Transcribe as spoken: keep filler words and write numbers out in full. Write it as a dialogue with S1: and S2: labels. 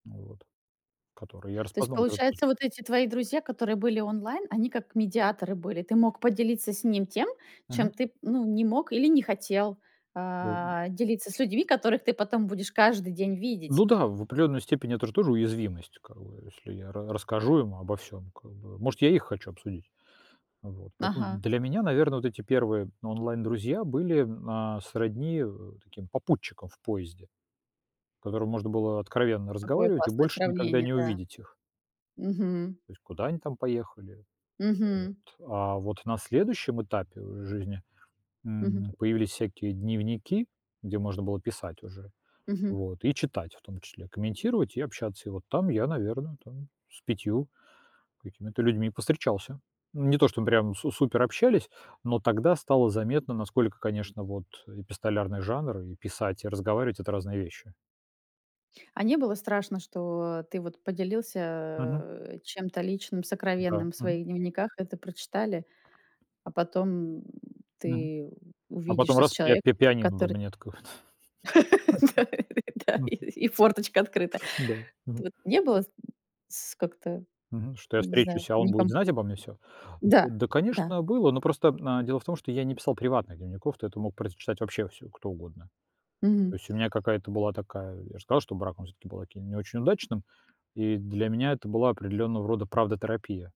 S1: Вот, который я
S2: То есть,
S1: распознал гораздо после.
S2: получается, вот эти твои друзья, которые были онлайн, они как медиаторы были. Ты мог поделиться с ним тем,
S1: Мгм.
S2: чем ты, м, ну, не мог или не хотел,
S1: Да и
S2: а, делиться с людьми, которых ты потом будешь каждый день видеть.
S1: Ну да, в определенной степени это тоже уязвимость, как бы если я ра расскажу им обо всём как бы, может, я их хочу обсудить. Вот. Поэтому
S2: Ага.
S1: для меня, наверное, вот эти первые онлайн-друзья были, а, сродни, э, таким попутчикам в поезде, с которыми можно было откровенно
S2: Какое
S1: разговаривать и
S2: классное
S1: больше никогда
S2: сравнение,
S1: не
S2: да.
S1: увидеть их.
S2: Мгм.
S1: То есть, куда они там поехали?
S2: Мгм.
S1: Вот. А вот на следующем этапе жизни,
S2: Мгм.
S1: м, появились всякие дневники, где можно было писать уже,
S2: Мгм.
S1: вот, и читать, в том числе комментировать и общаться. И вот там я, наверное, там с пятью какими-то людьми повстречался. Не то чтобы прям су супер общались, но тогда стало заметно, насколько, конечно, вот, э, эпистолярный жанр и писать, и разговаривать- это разные вещи.
S2: А не было страшно, что ты вот
S1: Мгм.
S2: поделился чем-то личным,
S1: Да.
S2: сокровенным в
S1: Мгм.
S2: своих дневниках, это прочитали, а потом, м,
S1: Мгм.
S2: ты
S1: А потом
S2: увидишься с
S1: раз пи а, пи
S2: человеком,
S1: пианино
S2: который
S1: дома не откроет.
S2: Да и да
S1: Мгм.
S2: и форточка открыта.
S1: Да. Мгм.
S2: Вот не было, м, с как-то,
S1: Мгм. Что я
S2: я не знаю,
S1: встречусь, а он будет
S2: некомфор
S1: знать обо мне всё?
S2: Да.
S1: Да,
S2: Да.
S1: конечно, было, но просто, м, дело в том, что я не писал приватных дневников, то это мог прочитать вообще всё кто угодно.
S2: Мгм.
S1: То есть у меня какая-то была такая Я же сказал, что брак, он всё-таки был таким не очень удачным, и для меня это была определенного рода правдотерапия.